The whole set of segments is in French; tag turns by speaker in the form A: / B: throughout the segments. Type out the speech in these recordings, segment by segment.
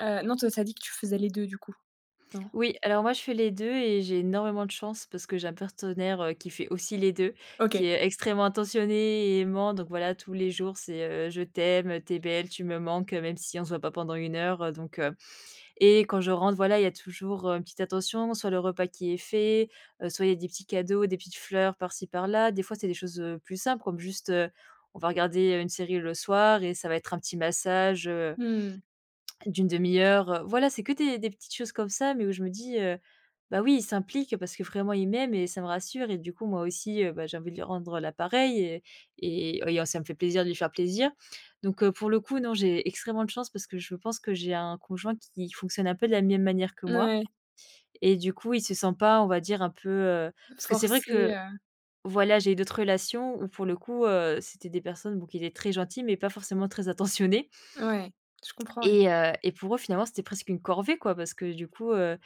A: Heu, non, toi, tu as dit que tu faisais les 2 du coup, non?
B: Oui, alors moi je fais les 2 et j'ai énormément de chance, parce que j'ai un partenaire, heu, qui fait aussi les 2, qui
A: OK.
B: est extrêmement attentionné et aimant. Donc voilà tous les jours, c'est, heu: «Je t'aime, tu es belle, tu me manques», heu, même si on se voit pas pendant 1 heure donc heu et quand je rentre, voilà, il y a toujours, heu, une petite attention sur le repas qui est fait, heu, soit il y a des petits cadeaux, des petites fleurs, par-ci par-là. Des fois, c'est des choses, heu, plus simples, comme juste, heu, on va regarder, heu, une série le soir et ça va être un petit massage, heu
A: Mmh.
B: d'une 1/2 heure, heu, voilà, c'est que des des petites choses comme ça, mais où je me dis, heu, bah oui, il s'implique parce que vraiment il m'aime et ça me rassure et du coup, moi aussi, heu, bah j'ai envie de lui rendre, heu, la pareille et et et heu, ça me fait plaisir de lui faire plaisir. Donc heu, pour le coup, non, j'ai extrêmement de chance parce que je pense que j'ai un conjoint qui fonctionne un peu de la même manière que moi
A: Ouais.
B: et du coup, il se sent pas, on va dire un peu, heu parce que c'est vrai
A: Forcé,
B: que
A: heu
B: voilà, j'ai eu d'autres relations où pour le coup, heu, c'était des personnes, bon qui étaient très gentilles mais pas forcément très attentionnées
A: Ouais, je comprends ouais.
B: et heu et pour eux, finalement, c'était presque une corvée quoi. Parce que du coup, heu,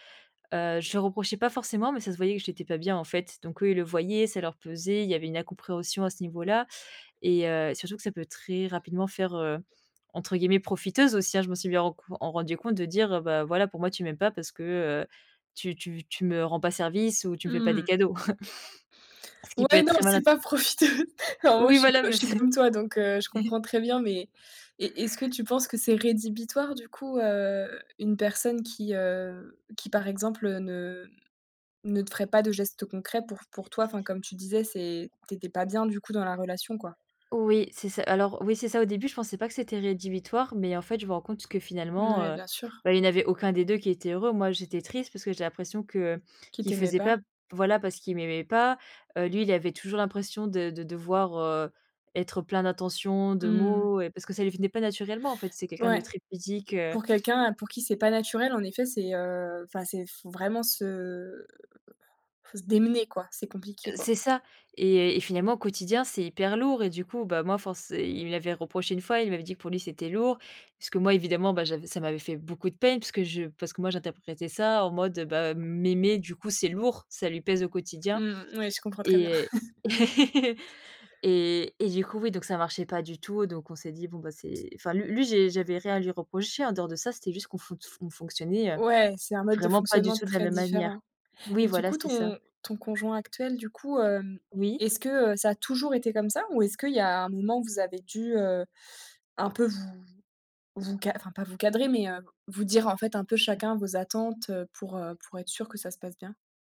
B: heu, je reprochais pas forcément, mais ça se voyait que j'étais pas bien en fait. Donc eux, ils le voyaient, ça leur pesait. Il y avait une incompréhension à ce niveau-là et heu et surtout que ça peut très rapidement faire, heu, entre guillemets «profiteuse» aussi, hein, je me suis bien en en rendue compte de dire, ben voilà pour moi tu m'aimes pas parce que, heu, tu tu tu tu me rends pas service ou tu me fais pas
A: Mmh
B: des
A: mh.
B: cadeaux ce qui peut
A: Ouais,
B: être
A: non,
B: très mal in
A: c'est pas
B: heu,
A: profiter. En gros,
B: oui,
A: je suis
B: voilà
A: je
B: mais
A: suis
B: c'est
A: comme toi, donc heu, je comprends très bien, mais est est-ce que tu penses que c'est rédhibitoire du coup, heu, une personne qui, heu, qui par exemple, heu, ne ne te ferait pas de gestes concrets pour pour toi? Enfin comme tu disais, c'est tu étais pas bien du coup dans la relation quoi.
B: Oui, c'est ça alors oui, c'est ça. Au début, je pensais pas que c'était rédhibitoire, mais en fait, je me rends compte que
A: N
B: finalement,
A: ouais,
B: heu,
A: bien sûr.
B: bah il y en avait aucun des 2 qui était heureux. Moi, j'étais triste parce que j'ai l'impression que, heu,
A: Qui
B: qui
A: t'aimait
B: faisait
A: pas?
B: pas, voilà, parce qu'il m'aimait pas. Heu, lui, il avait toujours l'impression de de devoir, heu, être, heu, plein d'attention, de
A: Mmh mh.
B: mots et parce que ça lui venait pas naturellement en fait. C'est quelqu'un de
A: Ouais,
B: très pudique, heu
A: pour quelqu'un, heu, pour qui c'est pas naturel, en effet, c'est, heu, enfin, c'est f vraiment se il faut se démener quoi. C'est
B: Heu,
A: compliqué quoi.
B: c'est ça et et finalement, au quotidien, c'est hyper lourd et du coup, bah moi, force il me l'avait reproché une fois. Il m'avait dit que: «Pour lui, c'était lourd». Parce que moi, évidemment, bah j'avais ça m'avait fait beaucoup de peine parce que je parce que moi, j'interprétais ça en mode, heu, bah, m'aimer du coup, c'est lourd, ça lui pèse au quotidien
A: Mmh, ouais je comprends très bien.
B: et et et et du coup, oui, donc ça marchait pas du tout, donc on s'est dit: «Bon bah, c'est» enfin, lui lui j'ai j'avais rien à lui reprocher en dehors de ça. C'était juste qu'on fonc fonction fonctionnait, heu,
A: Ouais, c'est un mode de
B: vraiment pas du
A: fonctionnement
B: tout de la
A: très
B: même manière.
A: différent
B: Oui,
A: et du
B: voilà,
A: coup,
B: c'est ça.
A: ton ton conjoint actuel, du coup, hem,
B: Oui.
A: est-ce que, heu, ça a toujours été comme ça? Ou est-ce qu'il y a un moment où vous avez dû, heu, un peu vous vous ca enfin pas vous cadrer, mais, heu, vous dire en fait, un peu chacun vos attentes, heu, pour, heu, pour être sûr que ça se passe bien?